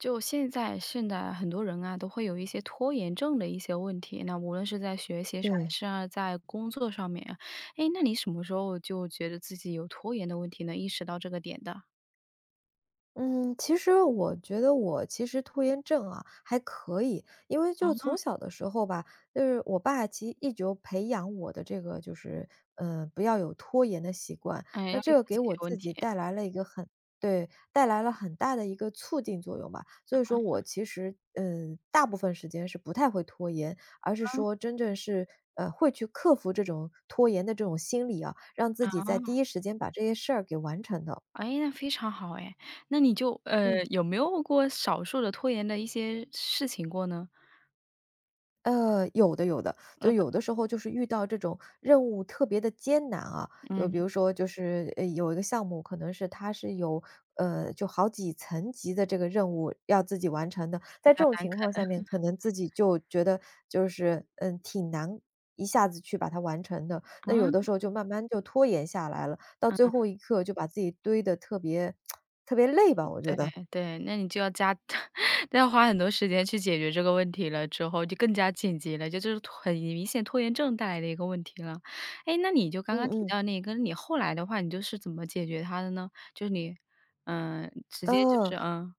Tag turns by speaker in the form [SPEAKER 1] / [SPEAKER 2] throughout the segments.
[SPEAKER 1] 就现在现在很多人啊都会有一些拖延症的一些问题，那无论是在学习上还
[SPEAKER 2] 对。
[SPEAKER 1] 是在工作上面，诶，那你什么时候就觉得自己有拖延的问题能意识到这个点的？
[SPEAKER 2] 嗯，其实我觉得我其实拖延症啊还可以，因为就
[SPEAKER 1] 哦。
[SPEAKER 2] 从小的时候吧，就是我爸其实一直有培养我的这个就是，呃，不要有拖延的习惯，
[SPEAKER 1] 诶，
[SPEAKER 2] 那
[SPEAKER 1] 要立
[SPEAKER 2] 这
[SPEAKER 1] 刻
[SPEAKER 2] 个
[SPEAKER 1] 解
[SPEAKER 2] 给
[SPEAKER 1] 决
[SPEAKER 2] 我
[SPEAKER 1] 问
[SPEAKER 2] 自己
[SPEAKER 1] 题。
[SPEAKER 2] 带来了一个很对，带来了很大的一个促进作用吧，所以说
[SPEAKER 1] 啊。
[SPEAKER 2] 我其实，呃，大部分时间是不太会拖延，而是
[SPEAKER 1] 嗯。
[SPEAKER 2] 说真正是，呃，会去克服这种拖延的这种心理啊，让自己在第
[SPEAKER 1] 哦。
[SPEAKER 2] 一时间把这些事儿给完成的。
[SPEAKER 1] 哎，那非常好诶，那你就，呃，
[SPEAKER 2] 嗯。
[SPEAKER 1] 有没有过少数的拖延的一些事情过呢？
[SPEAKER 2] 呃，有的有的，就有
[SPEAKER 1] 哦。
[SPEAKER 2] 的时候就是遇到这种任务特别得艰难啊，就
[SPEAKER 1] 嗯。
[SPEAKER 2] 比如说就是，呃，有一个项目可能是它是有，呃，就好几层级的这个任务要自己完成的，
[SPEAKER 1] 比
[SPEAKER 2] 在
[SPEAKER 1] 较
[SPEAKER 2] 这种
[SPEAKER 1] 难
[SPEAKER 2] 情
[SPEAKER 1] 啃。
[SPEAKER 2] 况下面可 能自己就觉得就是，嗯，挺难一下子去把它完成的，那有的
[SPEAKER 1] 哇。
[SPEAKER 2] 时候就慢慢就拖延下来了，到最
[SPEAKER 1] 嗯。
[SPEAKER 2] 后一刻就把自己堆得特别 特别累
[SPEAKER 1] 嗯，
[SPEAKER 2] 吧，我觉得。
[SPEAKER 1] 对对，那你就要加 要花很多时间去解决这个问题了之后，就更加紧急了，就是拖很明显拖延症带来的一个问题了。诶，那你就刚
[SPEAKER 2] 嗯
[SPEAKER 1] 刚提
[SPEAKER 2] 嗯。
[SPEAKER 1] 到那个，你后来的话，你就是怎么解决它的呢？就是你呃，直接就是
[SPEAKER 2] 呃。
[SPEAKER 1] 呃。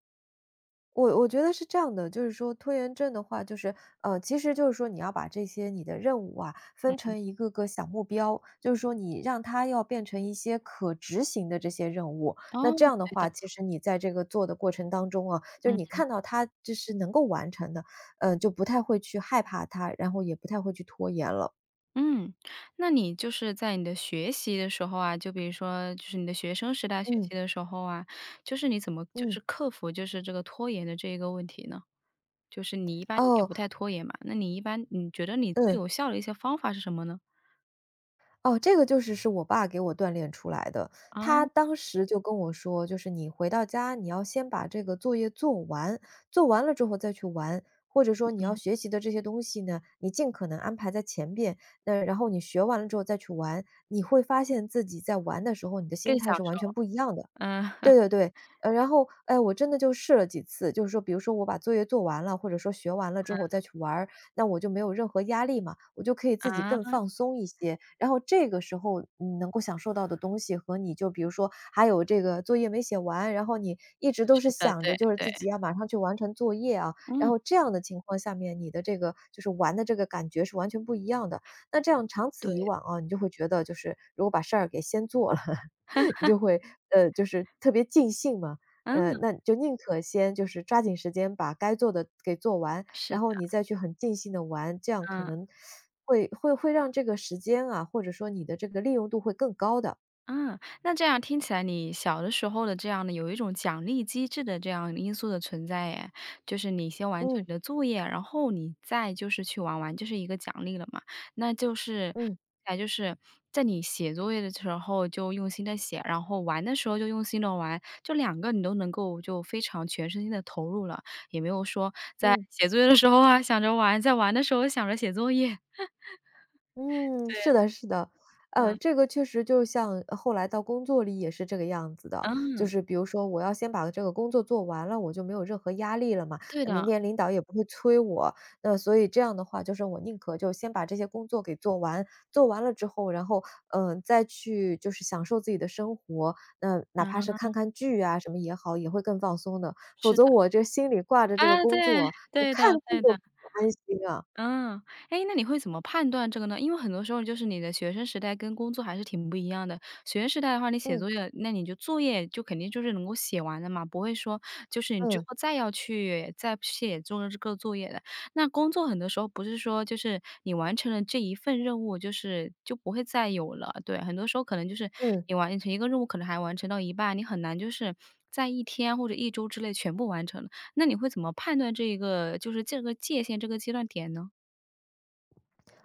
[SPEAKER 2] 我我觉得是这样的，就是说，拖延症的话就是呃，其实就是说你要把这些你的任务啊，
[SPEAKER 1] 嗯
[SPEAKER 2] 分
[SPEAKER 1] 嗯。
[SPEAKER 2] 成一个个小目标。就是说你让它要变成一些可执行的这些任务，那
[SPEAKER 1] 哦，
[SPEAKER 2] 这样的
[SPEAKER 1] 对的。
[SPEAKER 2] 话其实你在这个做的过程当中啊，就
[SPEAKER 1] 嗯
[SPEAKER 2] 你
[SPEAKER 1] 嗯。
[SPEAKER 2] 看到它就是能够完成的，呃，就不太会去害怕它，然后也不太会去拖延了。
[SPEAKER 1] 嗯，那你就是在你的学习的时候啊，就比如说就是你的学生时代学习
[SPEAKER 2] 嗯。
[SPEAKER 1] 的时候啊，就是你怎么就
[SPEAKER 2] 嗯。
[SPEAKER 1] 是克服，就是这个拖延的这个问题呢？就是你一般也
[SPEAKER 2] 哦。
[SPEAKER 1] 不太拖延嘛，那你一般，你觉得你最
[SPEAKER 2] 嗯。
[SPEAKER 1] 有效的一些方法是什么呢？
[SPEAKER 2] 哦，这个就是是我爸给我锻炼出来的。他
[SPEAKER 1] 啊。
[SPEAKER 2] 当时就跟我说，就是你回到家你要先把这个作业做完，做完了之后再去玩。或者说你要
[SPEAKER 1] 嗯。
[SPEAKER 2] 学习的这些东西呢，你尽可能安排在前面，呃，然后你学完了之后再去玩，你会发现自己在玩的时候，你的心
[SPEAKER 1] 更小
[SPEAKER 2] 态是
[SPEAKER 1] 时
[SPEAKER 2] 完全
[SPEAKER 1] 候。
[SPEAKER 2] 不一样的。
[SPEAKER 1] 嗯。
[SPEAKER 2] 对对对，呃，然后，诶，我真的就试了几次，就是说比如说我把作业做完了，或者说学完了之后
[SPEAKER 1] 嗯。
[SPEAKER 2] 再去玩儿，那我就没有任何压力嘛，我就可以自己更
[SPEAKER 1] 啊。
[SPEAKER 2] 放松一些。然后这个时候，嗯，能够享受到的东西，和你就比如说还有这个作业没写完，然后你一直都
[SPEAKER 1] 是
[SPEAKER 2] 是
[SPEAKER 1] 的，
[SPEAKER 2] 想
[SPEAKER 1] 对，
[SPEAKER 2] 着就是
[SPEAKER 1] 对。
[SPEAKER 2] 自己要马上去完成作业啊，
[SPEAKER 1] 嗯。
[SPEAKER 2] 然后这样的情况下面你的这个就是玩的这个感觉是完全不一样的。那这样长此以
[SPEAKER 1] 对。
[SPEAKER 2] 往啊，你就会觉得就是，如果把事儿给先做了，你 就会呃，就是特别尽兴嘛。嗯，
[SPEAKER 1] 嗯。
[SPEAKER 2] 那就宁可先就是，抓紧时间把该做的给做完，
[SPEAKER 1] 是
[SPEAKER 2] 然后你
[SPEAKER 1] 的。
[SPEAKER 2] 再去很尽兴地玩，这样可
[SPEAKER 1] 嗯。
[SPEAKER 2] 能 会会会让这个时间啊，或者说你的这个利用度会更高的。
[SPEAKER 1] 嗯，那这样听起来，你小的时候的这样的，有一种奖励机制的这样因素的存在诶。就是你先完成
[SPEAKER 2] 嗯。
[SPEAKER 1] 你的作业，然后你再就是去玩玩，就是一个奖励了嘛。那就是
[SPEAKER 2] 嗯。
[SPEAKER 1] 那就是在你写作业的时候，就用心地写，然后玩的时候就用心地玩。就两个你都能够就非常全身心地投入了，也没有说在
[SPEAKER 2] 嗯。
[SPEAKER 1] 写作业的时候啊，想着玩，在玩的时候想着写作业。
[SPEAKER 2] 嗯，是的是的。
[SPEAKER 1] 对。
[SPEAKER 2] 呃，
[SPEAKER 1] 嗯。
[SPEAKER 2] 这个确实就像呃，后来到工作里也是这个样子的，就
[SPEAKER 1] 嗯。
[SPEAKER 2] 是比如说我要先把这个工作做完了，我就没有任何压力了嘛，
[SPEAKER 1] 对
[SPEAKER 2] 明
[SPEAKER 1] 的。
[SPEAKER 2] 天领导也不会催我。嗯，所以这样的话就是我宁可就先把这些工作给做完，做完了之后，然后，嗯，再去就是享受自己的生活。嗯，哪怕是看
[SPEAKER 1] 嗯。
[SPEAKER 2] 看剧呀什么也好，也会更放松的，否
[SPEAKER 1] 是的。
[SPEAKER 2] 则我这心里挂着这个
[SPEAKER 1] 啊，对，
[SPEAKER 2] 工作，我
[SPEAKER 1] 对的
[SPEAKER 2] 看剧
[SPEAKER 1] 对
[SPEAKER 2] 都
[SPEAKER 1] 的。
[SPEAKER 2] 不安心啊。
[SPEAKER 1] 嗯。哎，那你会怎么判断这个呢？因为很多时候就是你的学生时代跟工作还是挺不一样的。学生时代的话，你写
[SPEAKER 2] 嗯。
[SPEAKER 1] 作业，那你就作业就肯定就是能够写完的嘛，不会说就是你之
[SPEAKER 2] 嗯。
[SPEAKER 1] 后再要去再不写做这个作业的。那工作很多时候，不是说就是你完成了这一份任务，就是就不会再有了，对，很多时候可能就是
[SPEAKER 2] 嗯。
[SPEAKER 1] 你完成一个任务，可能还完成到一半，你很难就是在1天或者1周之内全部完成。那你会怎么判断这个就是这个界限，这个阶段点呢？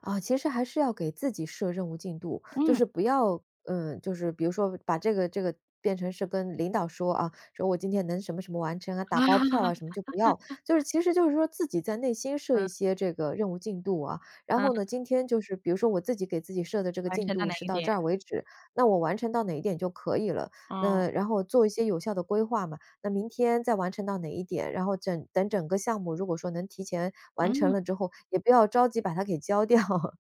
[SPEAKER 2] 啊，其实还是要给自己设任务进度，就
[SPEAKER 1] 嗯。
[SPEAKER 2] 是不要嗯，就是比如说把这个这个，变成是跟领导说啊，说“我今天能什么什么完成啊”，打包票啊什么，就不要。就是 其实就是说自己在内心设一
[SPEAKER 1] 嗯。
[SPEAKER 2] 些这个任务进度啊，然后
[SPEAKER 1] 嗯。
[SPEAKER 2] 呢，今天就是比如说我自己给自己设的这个
[SPEAKER 1] 完
[SPEAKER 2] 进
[SPEAKER 1] 成到
[SPEAKER 2] 度
[SPEAKER 1] 哪
[SPEAKER 2] 是
[SPEAKER 1] 个
[SPEAKER 2] 到
[SPEAKER 1] 点。
[SPEAKER 2] 这儿为止，那我完成到哪一点就可以了。
[SPEAKER 1] 嗯。
[SPEAKER 2] 那然后做一些有效的规划嘛，那明天再完成到哪一点，然后整等整个项目如果说能提前完成
[SPEAKER 1] 嗯。
[SPEAKER 2] 了之后，也不要着急把它给交掉。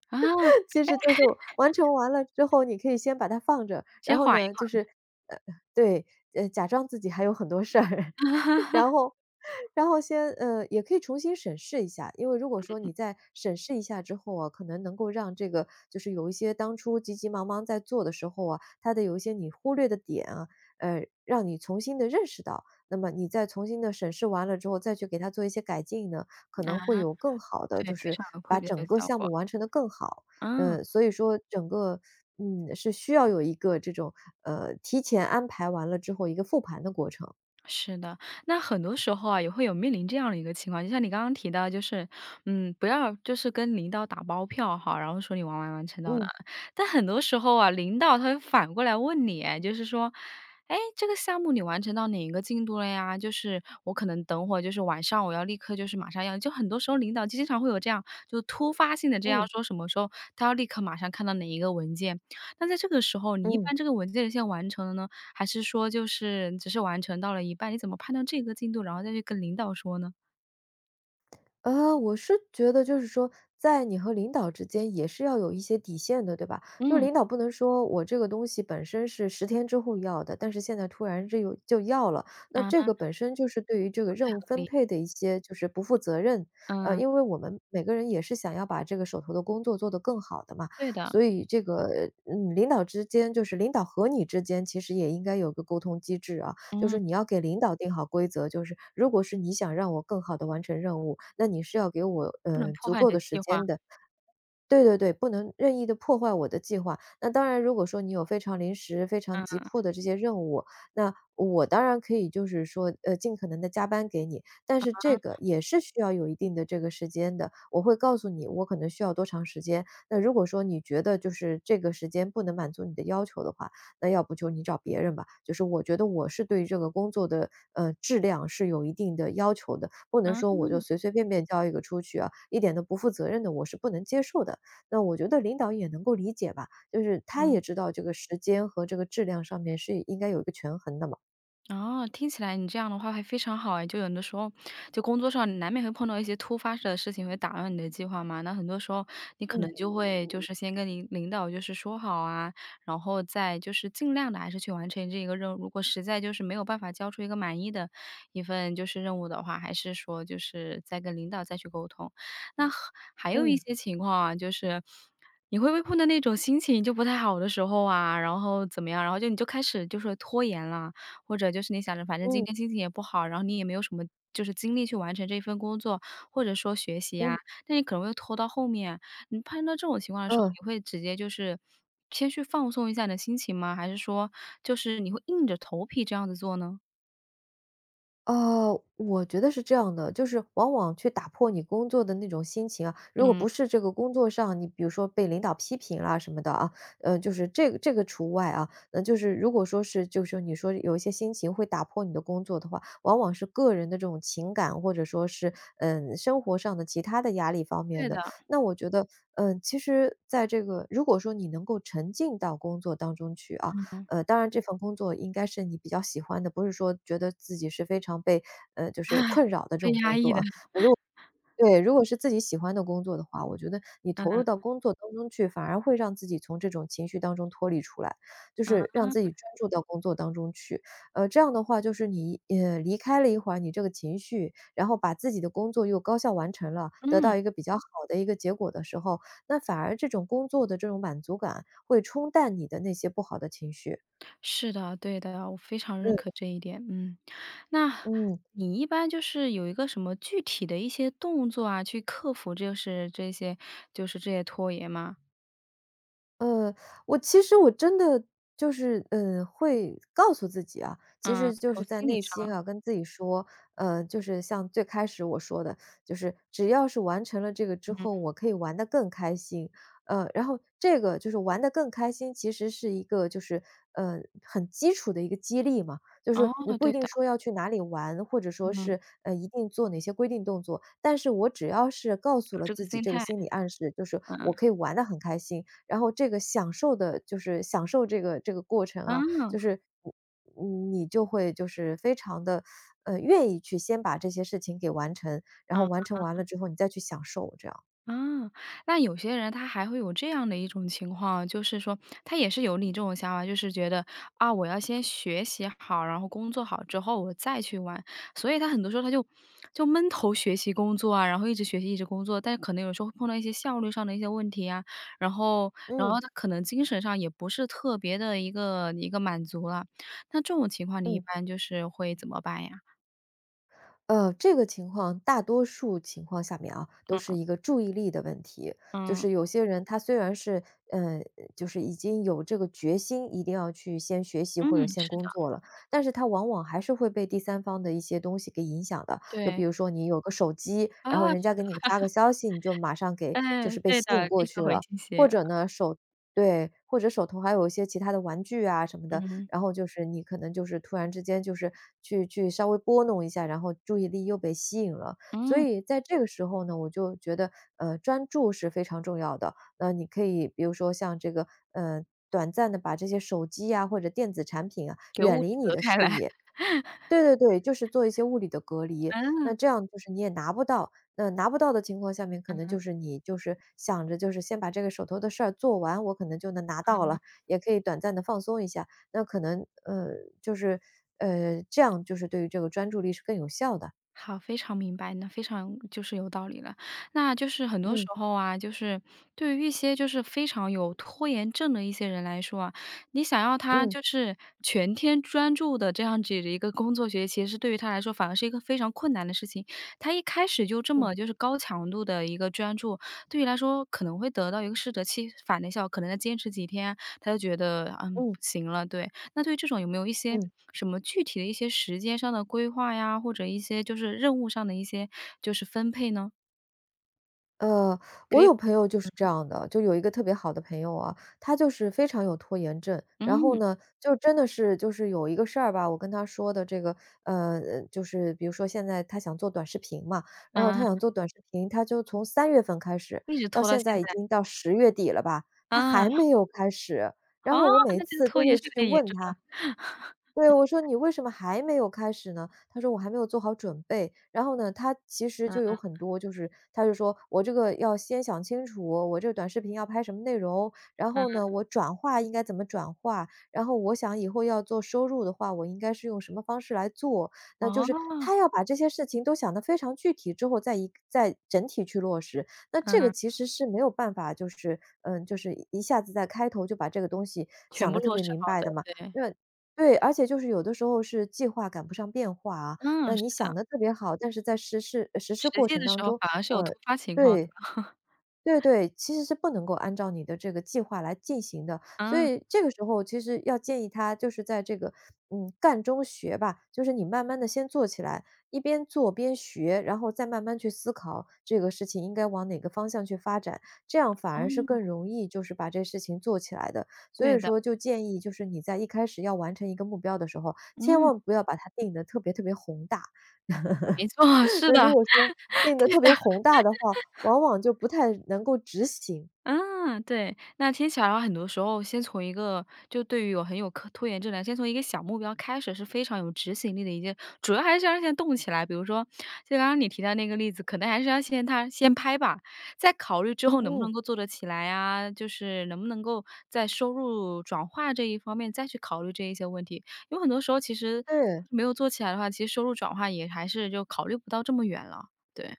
[SPEAKER 1] 啊。
[SPEAKER 2] 其实就是完成完了之后，你可以先把它放着，然
[SPEAKER 1] 先
[SPEAKER 2] 后
[SPEAKER 1] 缓一
[SPEAKER 2] 呢就
[SPEAKER 1] 缓。
[SPEAKER 2] 是呃，对，呃，假装自己还有很多事儿，然 后 然后先呃，也可以重新审视一下。因为如果说
[SPEAKER 1] 嗯。
[SPEAKER 2] 你再审视一下之后哦，可能能够让这个就是有一些当初急急忙忙在做的时候啊，它的有一些你忽略的点啊，呃，让你重新地认识到，那么你再重新地审视完了之后，再去给它做一些改进呢，可
[SPEAKER 1] 啊，
[SPEAKER 2] 能会有更好的
[SPEAKER 1] 对，
[SPEAKER 2] 就
[SPEAKER 1] 非
[SPEAKER 2] 是，
[SPEAKER 1] 常有愧
[SPEAKER 2] 把
[SPEAKER 1] 别的
[SPEAKER 2] 整个
[SPEAKER 1] 效
[SPEAKER 2] 项
[SPEAKER 1] 果。
[SPEAKER 2] 目完成得更好。
[SPEAKER 1] 哦。
[SPEAKER 2] 呃，所以说整个，嗯，是需要有一个这种，呃，提前安排完了之后一个复盘的过程。
[SPEAKER 1] 是的。那很多时候啊，也会有面临这样的一个情况，就像你刚刚提到就是，嗯，不要就是跟领导打包票哈，然后说你完完完成到哪
[SPEAKER 2] 嗯。
[SPEAKER 1] 儿。但很多时候啊领导他会反过来问你哎，就是说：“诶，这个项目你完成到哪一个进度了呀？”就是我可能等会就是晚上我要立刻就是马上要，就很多时候领导经常会有这样，就是突发性的这样
[SPEAKER 2] 嗯。
[SPEAKER 1] 说什么时候，他要立刻马上看到哪一个文件。那在这个时候你一
[SPEAKER 2] 嗯。
[SPEAKER 1] 般这个文件已经完成了呢？还是说就是只是完成到了一半，你怎么判断这个进度，然后再去跟领导说呢？
[SPEAKER 2] 呃，我是觉得就是说在你和领导之间也是要有一些底线的，对吧？就是
[SPEAKER 1] 嗯。
[SPEAKER 2] 领导不能说我这个东西本身是10天之后要的，但是现在突然这又就要了。那这个
[SPEAKER 1] 啊。
[SPEAKER 2] 本身就是对于这个
[SPEAKER 1] 不
[SPEAKER 2] 任
[SPEAKER 1] 太
[SPEAKER 2] 务
[SPEAKER 1] 合
[SPEAKER 2] 分
[SPEAKER 1] 理。
[SPEAKER 2] 配的一些就是不负责任，啊，
[SPEAKER 1] 嗯。
[SPEAKER 2] 因为我们每个人也是想要把这个手头的工作做得更好的嘛，
[SPEAKER 1] 对的。
[SPEAKER 2] 所以这个，嗯，领导之间就是领导和你之间其实也应该有个沟通机制啊，就是
[SPEAKER 1] 嗯。
[SPEAKER 2] 你要给领导定好规则，就是如果是你想让我更好地完成任务，那你是要给我，
[SPEAKER 1] 不能
[SPEAKER 2] 呃，
[SPEAKER 1] 破
[SPEAKER 2] 足
[SPEAKER 1] 坏
[SPEAKER 2] 够
[SPEAKER 1] 的
[SPEAKER 2] 的时
[SPEAKER 1] 计
[SPEAKER 2] 间
[SPEAKER 1] 划。
[SPEAKER 2] 的。对对对，不能任意地破坏我的计划。那当然如果说你有非常临时，非常急
[SPEAKER 1] 嗯。
[SPEAKER 2] 迫的这些任务，那我当然可以就是说，呃，尽可能地加班给你。但是这
[SPEAKER 1] 啊。
[SPEAKER 2] 个也是需要有一定的这个时间的，我会告诉你，我可能需要多长时间。那如果说你觉得就是这个时间不能满足你的要求的话，那要不就你找别人吧。就是我觉得我是对这个工作的，呃，质量是有一定的要求的，不能说我就
[SPEAKER 1] 啊。
[SPEAKER 2] 随随便便交一个出去啊，一点都不负责任的我是不能接受的。那我觉得领导也能够理解吧，就是他
[SPEAKER 1] 嗯。
[SPEAKER 2] 也知道这个时间和这个质量上面是应该有一个权衡的嘛。
[SPEAKER 1] 哦，听起来你这样的话会非常好哎，就有的时候就工作上难免会碰到一些突发的事情会打乱你的计划嘛，那很多时候你可能
[SPEAKER 2] 嗯。
[SPEAKER 1] 就会就是先跟您领导就是说好啊，然后再就是尽量地还是去完成这个任务，如果实在就是没有办法交出一个满意的一份就是任务的话，还是说就是再跟领导再去沟通。那还还有一
[SPEAKER 2] 嗯。
[SPEAKER 1] 些情况啊，就是你会不会碰到那种心情就不太好的时候啊，然后怎么样，然后就你开始就说拖延了，或者就是你想着反正今
[SPEAKER 2] 嗯。
[SPEAKER 1] 天心情也不好，然后你也没有什么就是精力去完成这份工作，或者说学习啊，
[SPEAKER 2] 嗯。
[SPEAKER 1] 那也可能会拖到后面。你碰到这种情况的时候，
[SPEAKER 2] 哦。
[SPEAKER 1] 你会直接就是先去放松一下你的心情吗？还是说，就是你会硬着头皮这样子做呢？
[SPEAKER 2] 哦，我觉得是这样的，就是往往去打破你工作的那种心情啊，如果
[SPEAKER 1] 嗯。
[SPEAKER 2] 不是这个工作上，你比如说被领导批评啊什么的啊，呃，就是这个这个除外啊，那就是如果说是就是你说有一些心情会打破你的工作的话，往往是个人的这种情感。或者说是，呃，生活上的其它的压力方面
[SPEAKER 1] 对
[SPEAKER 2] 的。
[SPEAKER 1] 的。
[SPEAKER 2] 那我觉得，呃，其实在这个如果说你能够沉浸到工作当中去啊，
[SPEAKER 1] 嗯。
[SPEAKER 2] 呃，当然这份工作应该是你比较喜欢的，不是说觉得自己是非常被，呃，就是困扰的 这
[SPEAKER 1] 被
[SPEAKER 2] 种
[SPEAKER 1] 压
[SPEAKER 2] 工
[SPEAKER 1] 抑
[SPEAKER 2] 作
[SPEAKER 1] 的。
[SPEAKER 2] 啊，如果对，如果是自己喜欢的工作的话，我觉得你投
[SPEAKER 1] 嗯。
[SPEAKER 2] 入到工作当中去，反而会让自己从这种情绪当中脱离出来，就是
[SPEAKER 1] 啊。
[SPEAKER 2] 让自己专注到工作当中去，呃，这样的话就是你，呃，离开了一会儿你这个情绪，然后把自己的工作又高效完成了，得
[SPEAKER 1] 嗯。
[SPEAKER 2] 到一个比较好的一个结果的时候，那反而这种工作的这种满足感会冲淡你的那些不好的情绪。
[SPEAKER 1] 是的，对的，我非常认
[SPEAKER 2] 嗯。
[SPEAKER 1] 可这一点。嗯。那
[SPEAKER 2] 嗯。
[SPEAKER 1] 你一般就是有一个什么具体的一些动作啊，去克服就是这些就是这些拖延吗？
[SPEAKER 2] 呃，我其实我真的就是，嗯，会告诉自己啊。其
[SPEAKER 1] 嗯，
[SPEAKER 2] 实就
[SPEAKER 1] 从
[SPEAKER 2] 是在
[SPEAKER 1] 心理
[SPEAKER 2] 内心
[SPEAKER 1] 上。
[SPEAKER 2] 啊跟自己说，呃，就是像最开始我说的，就是只要是完成了这个之
[SPEAKER 1] 嗯。
[SPEAKER 2] 后我可以玩得更开心，呃，然后这个，就是玩得更开心，其实是一个就是，呃，很基础的一个激励嘛。就
[SPEAKER 1] 哦，
[SPEAKER 2] 是你不一
[SPEAKER 1] 对
[SPEAKER 2] 定
[SPEAKER 1] 的。
[SPEAKER 2] 说要去哪里玩，或者说
[SPEAKER 1] 嗯。
[SPEAKER 2] 是，呃，一定做哪些规定动作，但是我只要是告诉
[SPEAKER 1] 有
[SPEAKER 2] 了
[SPEAKER 1] 这个
[SPEAKER 2] 自己
[SPEAKER 1] 心
[SPEAKER 2] 这个
[SPEAKER 1] 态。
[SPEAKER 2] 心理暗示，就是
[SPEAKER 1] 嗯。
[SPEAKER 2] 我可以玩得很开心，然后这个享受的就是享受这个这个过程啊就
[SPEAKER 1] 啊。
[SPEAKER 2] 是，呃，嗯，你就会就是非常地，呃，愿意去先把这些事情给完成，然后
[SPEAKER 1] 啊。
[SPEAKER 2] 完成完了之后你再去享受这样。
[SPEAKER 1] 啊。那有些人他还会有这样的一种情况。就是说他也是有你这种想法，就是觉得，啊，我要先学习好，然后工作好之后我再去玩。所以他很多时候他就就闷头学习工作啊，然后一直学习一直工作，但可能有时候会碰到一些效率上的一些问题啊，然后然
[SPEAKER 2] 嗯。
[SPEAKER 1] 后他可能精神上也不是特别得一个一个满足了。那这种情况你一
[SPEAKER 2] 嗯。
[SPEAKER 1] 般就是会怎么办呀？
[SPEAKER 2] 嗯，这个情况，大多数情况下面啊，都是
[SPEAKER 1] 嗯。
[SPEAKER 2] 一个注意力的问题。就
[SPEAKER 1] 嗯。
[SPEAKER 2] 是有些人他虽然是，嗯，就是已经有这个决心，一定要去先学习
[SPEAKER 1] 嗯，
[SPEAKER 2] 或者先
[SPEAKER 1] 是
[SPEAKER 2] 工
[SPEAKER 1] 的。
[SPEAKER 2] 作了，但是他往往还是会被第三方的一些东西给影响的。就
[SPEAKER 1] 对。
[SPEAKER 2] 比如说你有个手机，然后
[SPEAKER 1] 啊，
[SPEAKER 2] 人
[SPEAKER 1] 是
[SPEAKER 2] 家给
[SPEAKER 1] 的。
[SPEAKER 2] 你发个消息，你就马上 给就
[SPEAKER 1] 嗯，
[SPEAKER 2] 是被
[SPEAKER 1] 对
[SPEAKER 2] 吸引
[SPEAKER 1] 的，
[SPEAKER 2] 过
[SPEAKER 1] 立
[SPEAKER 2] 去
[SPEAKER 1] 刻回
[SPEAKER 2] 了。
[SPEAKER 1] 信
[SPEAKER 2] 或
[SPEAKER 1] 息。
[SPEAKER 2] 者呢手对，或者手头还有一些其它的玩具啊什么的，
[SPEAKER 1] 嗯。
[SPEAKER 2] 然后就是你可能就是突然之间就是去去稍微拨弄一下，然后注意力又被吸引了。所
[SPEAKER 1] 嗯。
[SPEAKER 2] 以在这个时候呢，我就觉得，呃，专注是非常重要的。那你可以比如说像这个，嗯，短暂地把这些手机呀或者电子产品啊
[SPEAKER 1] 给
[SPEAKER 2] 远
[SPEAKER 1] 物
[SPEAKER 2] 离
[SPEAKER 1] 理
[SPEAKER 2] 你
[SPEAKER 1] 隔
[SPEAKER 2] 的
[SPEAKER 1] 开
[SPEAKER 2] 视
[SPEAKER 1] 来。
[SPEAKER 2] 野。对对对，就是做一些物理的隔 离，那
[SPEAKER 1] 嗯。
[SPEAKER 2] 这样就是你也拿不到，那拿不到的情况下面可
[SPEAKER 1] 嗯
[SPEAKER 2] 能
[SPEAKER 1] 哼。
[SPEAKER 2] 就是你就是想着就是先把这个手头的事儿做完我可能就能拿到
[SPEAKER 1] 嗯。
[SPEAKER 2] 了，也可以短暂地放松一下，那可能，呃，就是，呃，这样就是对于这个专注力是更有效的。
[SPEAKER 1] 好，非常明白，那非常就是有道理了。那就是很多时
[SPEAKER 2] 嗯。
[SPEAKER 1] 候啊，就是对于一些就是非常有拖延症的一些人来说啊，你想要他
[SPEAKER 2] 嗯。
[SPEAKER 1] 就是全天专注的这样子的一个工作学习是对于他来说反而是一个非常困难的事情。他一开始就这
[SPEAKER 2] 嗯。
[SPEAKER 1] 么就是高强度的一个专注，对于来说可能会得到一个适得其反的效果，可能要坚持几天，他就觉得，嗯，不
[SPEAKER 2] 嗯。
[SPEAKER 1] 行了，对。那对于这种有没有一些
[SPEAKER 2] 嗯。
[SPEAKER 1] 什么具体的一些时间上的规划呀，或者一些就是任务上的一些就是分配呢？
[SPEAKER 2] 呃，
[SPEAKER 1] 可
[SPEAKER 2] 我
[SPEAKER 1] 以，
[SPEAKER 2] 有朋友就是这
[SPEAKER 1] 嗯。
[SPEAKER 2] 样的，就有一个特别好的朋友啊，他就是非常有拖延症。然后
[SPEAKER 1] 嗯。
[SPEAKER 2] 呢就真的是就是有一个事儿吧，我跟他说的这个，呃呃，就是比如说现在他想做短视频嘛，然后他想
[SPEAKER 1] 啊。
[SPEAKER 2] 做短视频，他就从3月份开始
[SPEAKER 1] 一直
[SPEAKER 2] 到
[SPEAKER 1] 拖到
[SPEAKER 2] 现
[SPEAKER 1] 现
[SPEAKER 2] 在已
[SPEAKER 1] 在。
[SPEAKER 2] 经到10月底了吧，他还
[SPEAKER 1] 啊。
[SPEAKER 2] 没有开始。然
[SPEAKER 1] 啊，
[SPEAKER 2] 后我每一
[SPEAKER 1] 那这个
[SPEAKER 2] 次
[SPEAKER 1] 拖
[SPEAKER 2] 都
[SPEAKER 1] 延
[SPEAKER 2] 会
[SPEAKER 1] 是
[SPEAKER 2] 去
[SPEAKER 1] 太严
[SPEAKER 2] 问
[SPEAKER 1] 重了。
[SPEAKER 2] 他对，我说你为什么还没有开始呢？他说我还没有做好准备，然后呢他其实
[SPEAKER 1] 嗯
[SPEAKER 2] 就有
[SPEAKER 1] 嗯。
[SPEAKER 2] 很多就是他就说我这个要先想清楚，我这短视频要拍什么内容，然后呢
[SPEAKER 1] 嗯。
[SPEAKER 2] 我转化应该怎么转化，然后我想以后要做收入的话，我应该是用什么方式来做。那就是，
[SPEAKER 1] 哦。
[SPEAKER 2] 他要把这些事情都想得非常具体之后再再整体去落实，那这个
[SPEAKER 1] 嗯。
[SPEAKER 2] 其实是没有办法就是嗯，就是一下子在开头就把这个东西
[SPEAKER 1] 全
[SPEAKER 2] 想
[SPEAKER 1] 部
[SPEAKER 2] 得特
[SPEAKER 1] 落
[SPEAKER 2] 别
[SPEAKER 1] 实
[SPEAKER 2] 明
[SPEAKER 1] 好
[SPEAKER 2] 白的
[SPEAKER 1] 的，
[SPEAKER 2] 嘛。
[SPEAKER 1] 对。
[SPEAKER 2] 那对，而且就是有的时候是计划赶不上变化啊，
[SPEAKER 1] 嗯，
[SPEAKER 2] 那
[SPEAKER 1] 是
[SPEAKER 2] 你
[SPEAKER 1] 的。
[SPEAKER 2] 想得特别好，但是在实施实施
[SPEAKER 1] 实
[SPEAKER 2] 过
[SPEAKER 1] 践
[SPEAKER 2] 程
[SPEAKER 1] 的时
[SPEAKER 2] 当
[SPEAKER 1] 候
[SPEAKER 2] 中
[SPEAKER 1] 反而是有
[SPEAKER 2] 呃，
[SPEAKER 1] 突发情况。
[SPEAKER 2] 对，对对，其实是不能够按照你的这个计划来进行的，所
[SPEAKER 1] 啊。
[SPEAKER 2] 以这个时候其实要建议他就是在这个，嗯，干中学吧，就是你慢慢地先做起来，一边做边学，然后再慢慢去思考这个事情应该往哪个方向去发展，这样反而是
[SPEAKER 1] 哦。
[SPEAKER 2] 更容易就是把这个事情做起来的。所
[SPEAKER 1] 对
[SPEAKER 2] 以
[SPEAKER 1] 的。
[SPEAKER 2] 说就建议就是你在一开始要完成一个目标的时候，千
[SPEAKER 1] 嗯。
[SPEAKER 2] 万不要把它定得特别特别宏大。
[SPEAKER 1] 没错，是
[SPEAKER 2] 那
[SPEAKER 1] 的，
[SPEAKER 2] 如
[SPEAKER 1] 对的。
[SPEAKER 2] 果说变得特别宏大的话，往往就不太能够执行。
[SPEAKER 1] 嗯，对。那听起来很多时候先从一个就对于有很有可拖延症来，先从一个小目标开始是非常有执行力的一件主要还是要先动起来，比如说，就刚刚你提到那个例子，可能还是要先他先拍吧，再考虑之后能不能
[SPEAKER 2] 嗯。
[SPEAKER 1] 够做得起来啊，就是能不能够在收入转化这一方面再去考虑这一些问题。有很多时候其实
[SPEAKER 2] 嗯。
[SPEAKER 1] 没有做起来的话，其实收入转化也还是就考虑不到这么远了，对。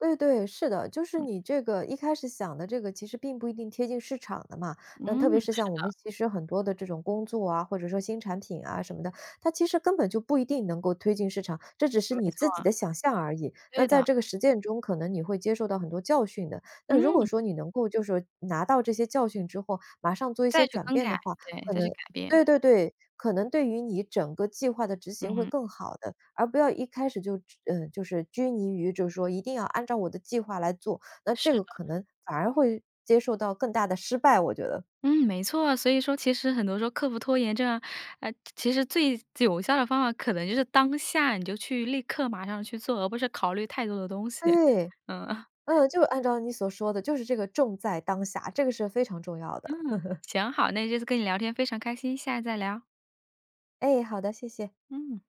[SPEAKER 2] 对对，是的。就是
[SPEAKER 1] 嗯。
[SPEAKER 2] 你这个一开始想的这个其实并不一定贴近市场的嘛，那
[SPEAKER 1] 嗯，
[SPEAKER 2] 特别是
[SPEAKER 1] 是
[SPEAKER 2] 像我
[SPEAKER 1] 的。
[SPEAKER 2] 们其实很多的这种工作啊，或者说新产品啊什么的，它其实根本就不一定能够推进市场，这只是
[SPEAKER 1] 没
[SPEAKER 2] 你自己
[SPEAKER 1] 错。
[SPEAKER 2] 的想象而已，那
[SPEAKER 1] 对
[SPEAKER 2] 在
[SPEAKER 1] 的。
[SPEAKER 2] 这个实践中可能你会接受到很多教训的，那如果
[SPEAKER 1] 嗯。
[SPEAKER 2] 说你能够就是拿到这些教训之后，马上做一些
[SPEAKER 1] 再去
[SPEAKER 2] 转
[SPEAKER 1] 更
[SPEAKER 2] 变
[SPEAKER 1] 改，
[SPEAKER 2] 的话，
[SPEAKER 1] 对，
[SPEAKER 2] 可
[SPEAKER 1] 再去
[SPEAKER 2] 能
[SPEAKER 1] 改变。
[SPEAKER 2] 对对对，可能对于你整个计划的执
[SPEAKER 1] 嗯
[SPEAKER 2] 行会
[SPEAKER 1] 哼。
[SPEAKER 2] 更好的。而不要一开始就，嗯，就是拘泥于就说一定要按照我的计划来做，那这
[SPEAKER 1] 是
[SPEAKER 2] 个
[SPEAKER 1] 的。
[SPEAKER 2] 可能反而会接受到更大的失败，我觉得。
[SPEAKER 1] 嗯，没错。所以说其实很多时候克服拖延症，诶，其实最最有效的方法可能就是当下你就去立刻马上去做，而不是考虑太多的东西，
[SPEAKER 2] 对，
[SPEAKER 1] 嗯。
[SPEAKER 2] 嗯，就按照你所说的，就是这个重在当下，这个是非常重要的。
[SPEAKER 1] 嗯，行，好，那这次跟你聊天非常开心，下次再聊。
[SPEAKER 2] 哎，好的，谢谢。
[SPEAKER 1] 嗯。